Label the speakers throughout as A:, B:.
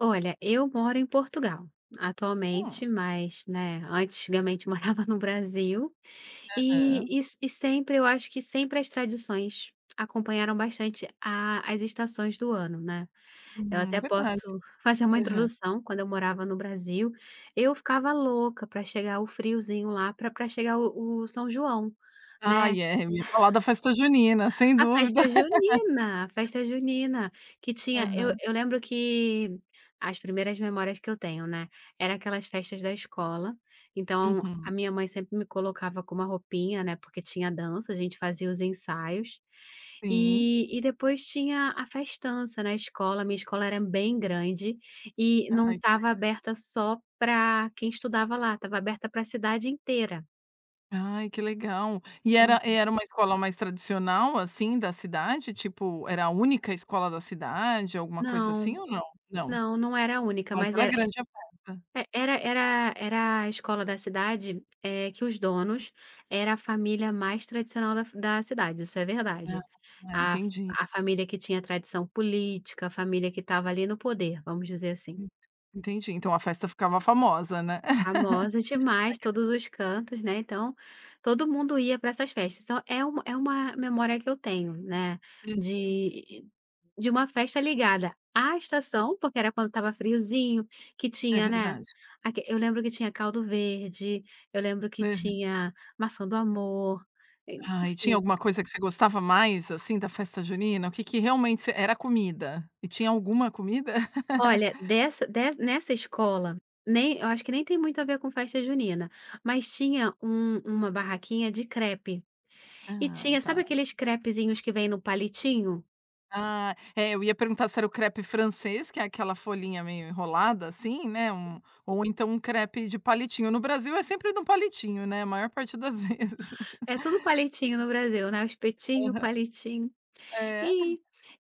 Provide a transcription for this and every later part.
A: Olha, eu moro em Portugal,
B: Hum.
A: atualmente mas, né, antigamente morava no Brasil,
B: Aham.
A: e se sempre eu acho que sempre as tradições acompanharam bastante a as estações do ano, né. Eu
B: Uhum, é
A: até
B: verdade.
A: posso fazer uma
B: Aham.
A: introdução quando eu morava no Brasil, eu ficava louca pra chegar o friozinho lá pra pra chegar o o São João, né.
B: Ai, é, vamos falar da festa junina, sem
A: A
B: dúvida.
A: festa junina, a festa junina, que tinha, eu
B: Aham.
A: eu lembro que, as primeiras memórias que eu tenho né, era aquelas festas da escola, então a
B: Uhum.
A: minha mãe sempre me colocava com uma roupinha, né, porque tinha dança a gente fazia os ensaios,
B: Sim.
A: e e depois tinha a festança na escola, minha escola era bem grande, e não
B: Ai que
A: estava
B: legal.
A: aberta só pra quem estudava lá, estava aberta pra cidade inteira.
B: Ai que legal. E era
A: Uhum.
B: era uma escola mais tradicional assim da cidade tipo, era a única escola da cidade, alguma coisa assim
A: Não,
B: ou não? Não,
A: não, não era a única
B: mas
A: mas
B: era
A: é,
B: grande a festa.
A: era era era a escola da cidade, é que os donos era a família mais tradicional da fa da cidade, isso é verdade.
B: Ah
A: A
B: entendi.
A: fa família que tinha tradição política, a família que estava ali no poder, vamos dizer assim.
B: Hum, entendi, então a festa ficava famosa, né. A
A: Famosa demais,
B: igreja
A: todos os cantos, né, então, todo mundo ia pra essas festas então é uma é uma memória que eu tenho, né,
B: Entendi.
A: de de uma festa ligada à estação porque era quando estava friozinho, que
B: É
A: tinha, né,
B: verdade.
A: aquele eu lembro que tinha caldo verde, eu lembro que
B: Aham.
A: tinha maçã do amor,
B: Ai, tinha
A: enfim.
B: alguma coisa que você gostava mais assim da festa junina? O que que realmente você era comida? E tinha alguma comida?
A: Olha, dessa dessa nessa escola, nem eu acho que nem tem muito a ver com festa junina, mas tinha um uma barraquinha de crepe. E
B: Ah,
A: tinha
B: tá.
A: sabe aqueles crepezinhos que vêm no palitinho?
B: Ah, é eu ia perguntar se era o crepe francês, que é aquela folhinha meio enrolada assim né,
A: Uhum.
B: um, ou então um crepe de palitinho, no Brasil é sempre no
A: Sim.
B: palitinho né, a maior parte das vezes.
A: É tudo palitinho no Brasil, né, o espetinho,
B: Aham.
A: palitinho.
B: É.
A: E,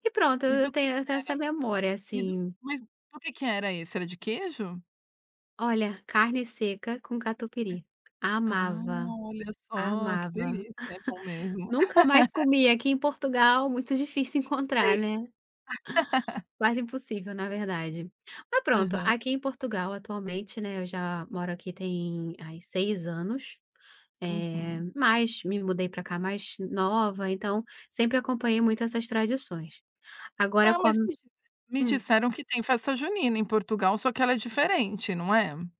A: e pronto
B: E
A: eu
B: do que que
A: tenho eu
B: era?
A: tenho essa memória
B: E do
A: assim.
B: mas do que que era esse? Era de queijo?
A: Olha, carne seca com
B: É,
A: catupiry.
B: ah,
A: Amava,
B: olha só, que
A: amava.
B: delícia, é bom mesmo.
A: Nunca mais comia aqui em Portugal, muito difícil
B: Não sei.
A: encontrar, né. Quase impossível na
B: Verdade.
A: verdade. Mas pronto,
B: Aham.
A: aqui em Portugal atualmente, né, eu já moro aqui tem aí 6 anos, eh,
B: Uhum.
A: mas me mudei pra cá mais nova então sempre acompanhei muito essas tradições. Agora
B: Ah,
A: com a
B: mas, me me
A: hum.
B: disseram que tem festa junina em Portugal só que ela é diferente, não é?